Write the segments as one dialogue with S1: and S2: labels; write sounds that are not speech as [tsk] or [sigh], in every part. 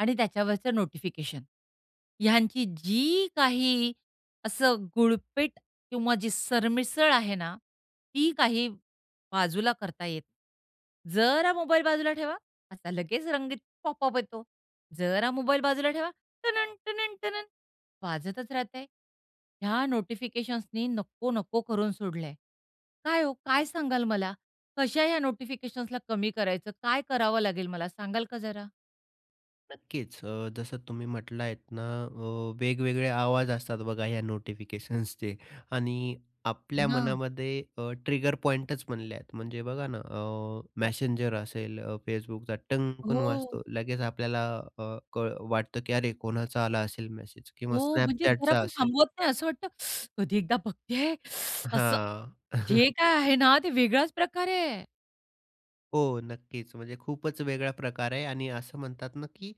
S1: आणि त्याच्यावरच नोटिफिकेशन. ह्यांची जी काही असं, गुळपेट किंवा जी सरमिसळ आहे ना, ती काही बाजूला करता येत जरा मोबाईल बाजूला ठेवा, असा लगेच रंगीत पॉप अप येतो. जरा मोबाईल बाजूला ठेवा, टनन-टनन-टनन वाजतच राहतंय. ह्या नोटिफिकेशन्स नी नको-नको करून सोडलंय. काय हो? काय सांगाल मला? कशा ह्या नोटिफिकेशन्सला कमी करायचं? काय करावं लागेल मला सांगाल का जरा?
S2: नक्कीच. अ, जसं तुम्ही म्हटलं आहेत ना, अ, वेगवेगळे आवाज असतात बघा ह्या नोटिफिकेशन्सचे आणि
S1: हो,
S2: आपल्या
S1: ना.
S2: मनामध्ये अ, ट्रिगर पॉईंटच बनले आहेत. म्हणजे बघा ना, अ, Messenger असेल, अ, Facebookचा टंगकन
S1: हो.
S2: वाजतो, लगेच आपल्याला अ, कळ वाटतं की अरे कोणाचा आला असेल मेसेज? किंवा
S1: हो, म्हणजे जरा
S2: Snapchatचा
S1: पण
S2: असेल.
S1: थांबवत नाही, असं वाटतं, [sucks teeth] कधी एकदा बघतेय, [sucks teeth] असं.
S2: हां.
S1: जे
S2: [chuckles]
S1: काय आहे ना, ते वेगळाच प्रकार आहे.
S2: हो, नक्कीच. म्हणजे खूपच वेगळा प्रकार आहे आणि असं म्हणतात ना, की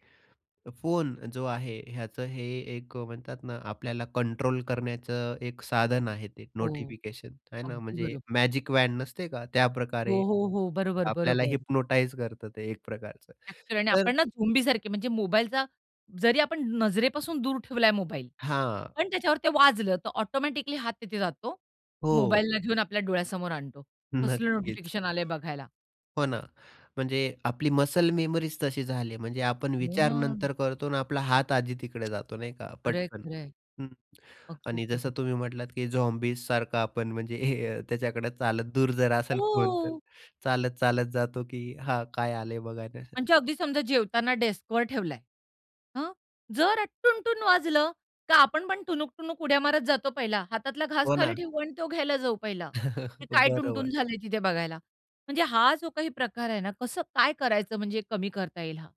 S2: फोन जो आहे ह्याचं हे एक म्हणतात ना, आपल्याला कंट्रोल करण्याचं एक साधन आहे ते,
S1: हो,
S2: नोटिफिकेशन. आहे ना.
S1: अगदी
S2: म्हणजे
S1: बरोबर.
S2: मॅजिक वॅन नसते का,
S1: हो,
S2: त्याप्रकारे
S1: हो, हो. बरोबर,
S2: आपल्याला
S1: बरोबर.
S2: हिप्नोटाइज करतं ते एक प्रकारचं
S1: एक्चुअली आणि
S2: तर
S1: आपण ना झोंबीसारखे, म्हणजे मोबाईलचा जरी आपण नजरेपासून दूर ठेवलाय मोबाईल,
S2: हां.
S1: पण त्याच्यावर ते वाजलं, तर ऑटोमॅटिकली हात तिथे जातो.
S2: हो.
S1: मोबाईलला घेऊन आपल्या डोळ्यासमोर आणतो, कसलं
S2: नक्कीच.
S1: नोटिफिकेशन आलंय बघायला.
S2: हो, ना. म्हणजे आपली मसल मेमरीच तशी झाली. म्हणजे आपण
S1: हो,
S2: विचार
S1: ना.
S2: नंतर करतो आणि आपला हात आधी तिकडे
S1: [tsk]
S2: जातो, नाही का?
S1: खरंय,
S2: पटकन.
S1: खरंय.
S2: हं,
S1: अगदी
S2: आणि जसं
S1: खरं.
S2: तुम्ही म्हटलात, की झॉम्बीज सारखं आपण म्हणजे हे त्याच्याकडे चालत दूर जरा असेल फोन तर
S1: हो.
S2: चालत-चालत जातो की हा काय आलंय? बघायला साठी.
S1: म्हणजे, अगदी समजा जेवताना डेस्क वर ठेवलाय. हं, जरा टुन-टुन वाजलं, तर आपण पण टुणूक-टुणूक उड्या मारत जातो पहिला. हातातला घास
S2: हो
S1: खाली
S2: ना.
S1: ठेवू आणि तो घ्यायला जाऊ पहिला, की काय टुन-टुन
S2: बरोबर.
S1: झालंय तिथे बघायला म्हणजे हा जो काही प्रकार आहे ना, कसं, काय करायचं, म्हणजे कमी करता येईल हा?